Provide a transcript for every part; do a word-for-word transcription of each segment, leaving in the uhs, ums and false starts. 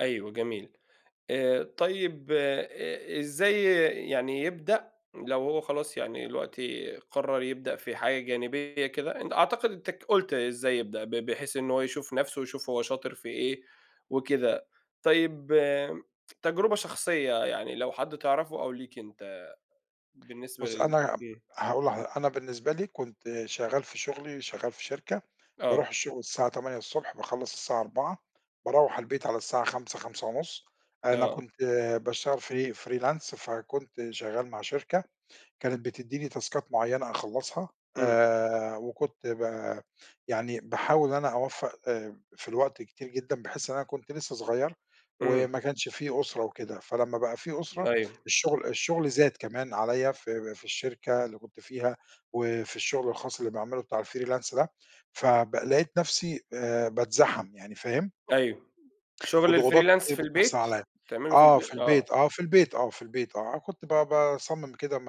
أيوه جميل، آآ، طيب إ إزاي يعني يبدأ لو هو خلاص يعني دلوقتي قرر يبدأ في حاجة جانبية كده، أن أعتقد أنت ك قُلت إزاي يبدأ ب بحيث إن هو يشوف نَفْسه ويشوف هو شاطر في إيه وكده، طيب تجربة شخصية يعني لو حد تعرفه أو ليك أنت بالنسبة بُصّ لل أنا إمم. هاقول لحضر أنا بالنسبة لي كنت شغّال في شغلي، شغّال في شركة، باروح آه. الشغل الساعة تمانية الصبح، باخلّص الساعة أربعة، باروّح البيت على الساعة خمسة خمسة ونُص، أنا آه. كنت باشتغل free freelance، فكنت شغّال مع شركة كانت بتديني تاسكات معيّنة أخلّصها، إمم. آآ، وكنت ب يعني باحاول إن أنا أوفَّق آآ، في الوقت كتير جدًا، بحيث إن أنا كنت لسّه صغيّر إمم. وما كانش فيه أسرة وكده، فلمّا بقى في أسرة، أيوه. الشغل الشغل زاد كمان عليّا في في الشركة اللي كنت فيها، وفي الشغل الخاص اللي باعمله بتاع الfreelance ده، فب لقيت نَفْسي آآ، باتزحم، يعني فاهم؟ أيوه، شغل وضغوضات الfreelance كتير في بتحصل البيت؟ عليّا، تعمله في آه البيت، في البيت، آه. آه في البيت، آه في البيت آه، كنت ب باصمم كده م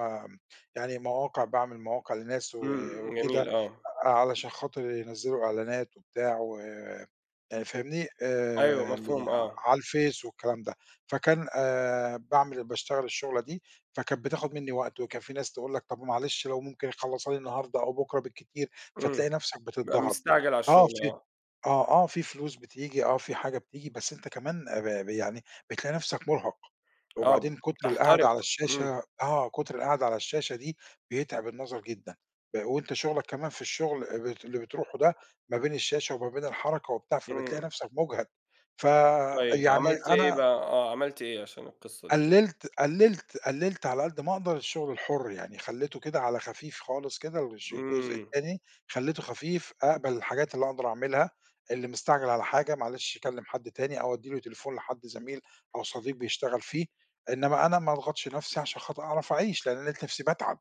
يعني مواقع، باعمل مواقع لناس و إمم، جميل، وكده آه. علشان خاطر ينزّلوا إعلانات وبتاع و آآ، فاهمني، أيوه، آآ، ل مفهوم، آه على الفيس والكلام ده، فكان آآ، باعمل باشتغل الشُغلة دي، فكانت بتاخد مني وقت، وكان في ناس تقول لَك طَب ومعلش لو ممكن يخلّصها لي النهارده أو بُكرة بالكتير، إمم، فتلاقي نَفْسك بقى بتضّغط، مستعجل على آه الشغل في آه. آه، آه، في فلوس بتيجي آه في حاجة بتيجي، بس أنت كمان ب ب يعني بتلاقي نَفْسك مرهَق، آه، وبعدين كُتر القعدة تحترق، على إمم. الشاشة آه، كُتر القعدة على الشاشة دي بيتعب النظر جدًا، أ وأنت شُغلك كمان في الشغل اللي اللي بتروحه ده ما بين الشاشة وما بين الحركة وبتاع، إمم. فبتلاقي نَفْسك مجهَد، طيب فيعني عملت إيه أنا بقى، آه عملت إيه عشان القصّة دي كده؟ قلّلت قلّلت قلّلت على قدّ ما أقدر الشغل الحُر، يعني خلّيته كده على خفيف خالص كده، الش الجزء إمم. التاني خلّيته خفيف، أقبَل الحاجات اللي أقدر أعملها، اللي مستعجل على حاجة معلش يكلّم حد تاني أو أدّي له تليفون لحد زميل أو صديق بيشتغل فيه، إنما أنا ما أضغطش نَفْسي عشان خاطر أعرف أعيش، لأن لقيت نَفْسي باتعب.